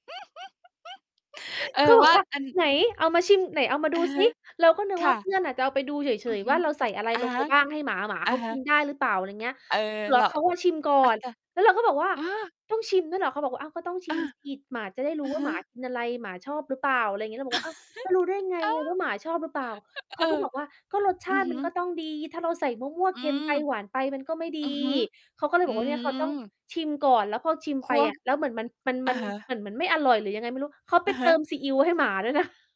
เออ เขาบวอก่าว่า อัน "ไหนเอามาชิม ไหนเอามาอดูะฮซะ ิ" เราก็นึคกว่่าเพะ ื่อนจะเอาไปดูเฉอือย ฮๆ วึ ่าเราใส่อะไรอะลฮงไปะ บ้างให้หมา หมาอเะขาฮกะ ินได้หรือเปล่า อะไรอย่างนี้ เออ แล้เรวา เขาก็ชิมก่อน แล้วเราก็บอกว่า เออ "ต้องชิมด้วยเหรอ?" เขาบอกว่า "อ้าว ก็ต้องชเอิม อ สิ หมาจะได้รอูื้อว่ฮาึ หมากินอะไร หมาชอบหรือเปล่า" อะไรอย่างงี้ เราบอกว่า "อ้าว แล้วรู้ได้ไงอ้าว ว่าหมาชอบหรือเปล่า?" เขเาอก็อ บอกว่า "ก็รสชอืาอติฮึ มันก็ต้องดี ถ้าเราใส่มั่ว อืๆ เค็มม ไป หวานไป มันก็ไม่ดี" อือฮึ เขาก็เลยอืบอกว่าเนี่ยเขาต้องอ ชิมก่อน แล้วพอชิมคไปวอบ ะ แล้วเหมือนมัน มัน อมัะน ฮเหะ มือนมันไม่อร่อยหรือยังไงไม่รู้ เขาไอปะเฮติะ มซีอิวให้หมาด้วยนะ